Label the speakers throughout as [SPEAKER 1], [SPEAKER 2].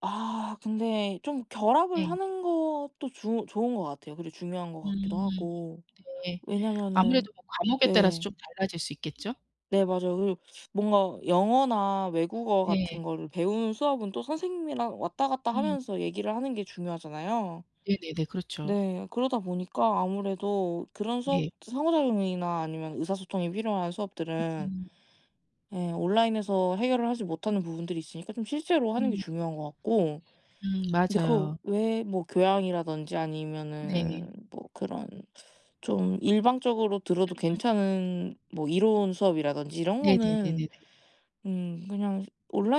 [SPEAKER 1] 아 근데 좀 결합을
[SPEAKER 2] 네.
[SPEAKER 1] 하는 것도 주 좋은 것 같아요. 그리고 중요한 것 같기도
[SPEAKER 2] 음.
[SPEAKER 1] 하고.
[SPEAKER 2] 네.
[SPEAKER 1] 왜냐면은
[SPEAKER 2] 아무래도 뭐 과목에 따라서
[SPEAKER 1] 네.
[SPEAKER 2] 좀 달라질 수 있겠죠?
[SPEAKER 1] 네 맞아요. 그리고 뭔가 영어나 외국어
[SPEAKER 2] 네.
[SPEAKER 1] 같은 거를 배우는 수업은 또 선생님이랑 왔다 갔다
[SPEAKER 2] 음.
[SPEAKER 1] 하면서 얘기를 하는 게 중요하잖아요.
[SPEAKER 2] 네네네. 그렇죠.
[SPEAKER 1] 네. 그러다 보니까 아무래도 그런 수업
[SPEAKER 2] 예.
[SPEAKER 1] 상호작용이나 아니면 의사소통이 필요한 수업들은
[SPEAKER 2] 음.
[SPEAKER 1] 예 온라인에서 해결을 하지 못하는 부분들이 있으니까 좀 실제로 하는 게
[SPEAKER 2] 음.
[SPEAKER 1] 중요한 것 같고.
[SPEAKER 2] 음
[SPEAKER 1] 근데 그
[SPEAKER 2] 맞아요.
[SPEAKER 1] 외에 뭐 교양이라든지
[SPEAKER 2] 네.
[SPEAKER 1] 아니면은 뭐 그런 좀 일방적으로 들어도
[SPEAKER 2] 음.
[SPEAKER 1] 괜찮은 뭐 이론 수업이라든지 이런 거는
[SPEAKER 2] 네네네네네.
[SPEAKER 1] 음 그냥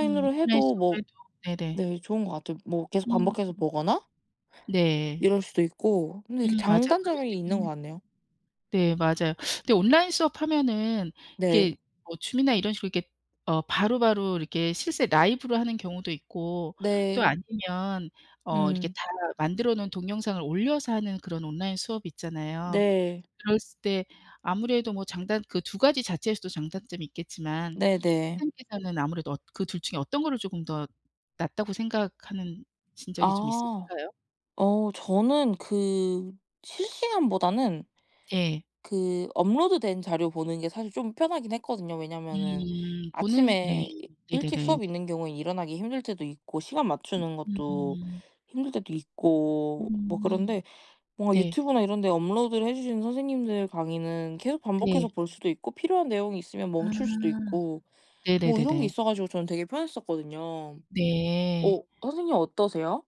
[SPEAKER 2] 음. 온라인
[SPEAKER 1] 해도
[SPEAKER 2] 수업
[SPEAKER 1] 뭐
[SPEAKER 2] 그래도 네네.
[SPEAKER 1] 네 좋은 것 같아요. 뭐 계속
[SPEAKER 2] 음.
[SPEAKER 1] 반복해서 보거나
[SPEAKER 2] 네.
[SPEAKER 1] 이럴 수도 있고 근데 이게
[SPEAKER 2] 음 맞아요. 그럴 수도
[SPEAKER 1] 장단점이 있는 것
[SPEAKER 2] 있겠네.
[SPEAKER 1] 같네요.
[SPEAKER 2] 네 맞아요. 근데 온라인 수업하면은
[SPEAKER 1] 네.
[SPEAKER 2] 이게 뭐 줌이나 이런 식으로 이렇게 어 바로바로 이렇게 실제 라이브로 하는 경우도 있고 또
[SPEAKER 1] 네.
[SPEAKER 2] 아니면 어 이렇게
[SPEAKER 1] 음.
[SPEAKER 2] 다 만들어 놓은 동영상을 올려서 하는 그런 온라인 수업이 있잖아요.
[SPEAKER 1] 네.
[SPEAKER 2] 들었을 때 아무래도 뭐 장단 그 2 자체에서도 장단점이 있겠지만
[SPEAKER 1] 네네.
[SPEAKER 2] 선생님께서는 아무래도 어 그 둘 중에 어떤 거를 쪼금 더 낫다고 생각하는 신 적이 좀
[SPEAKER 1] 아.
[SPEAKER 2] 있으신가요?
[SPEAKER 1] 어 저는 그 실시간보다는
[SPEAKER 2] 네.
[SPEAKER 1] 그 업로드된 자료 보는 게 사실 좀 편하긴 했거든요. 왜냐면은
[SPEAKER 2] 음 보는 스 네
[SPEAKER 1] 아침에 이 일찍
[SPEAKER 2] 네네네.
[SPEAKER 1] 수업이 있는 경우에 일어나기 힘들 때도 있고 시간
[SPEAKER 2] 으
[SPEAKER 1] 맞추는 것도
[SPEAKER 2] 음.
[SPEAKER 1] 힘들 때도 있고 뭐
[SPEAKER 2] 음.
[SPEAKER 1] 그런데 뭔가
[SPEAKER 2] 네.
[SPEAKER 1] 유튜브나 이런데 업로드를 해 주시는 선생님들 강의는 계속 반복해서
[SPEAKER 2] 네.
[SPEAKER 1] 볼 수도 있고 필요한 내용이 있으면 멈출 수도
[SPEAKER 2] 아.
[SPEAKER 1] 있고 뭐 이런 게
[SPEAKER 2] 네네네네.
[SPEAKER 1] 있어 가지고 저는 되게 편했었거든요.
[SPEAKER 2] 네.
[SPEAKER 1] 어 선생님 어떠세요?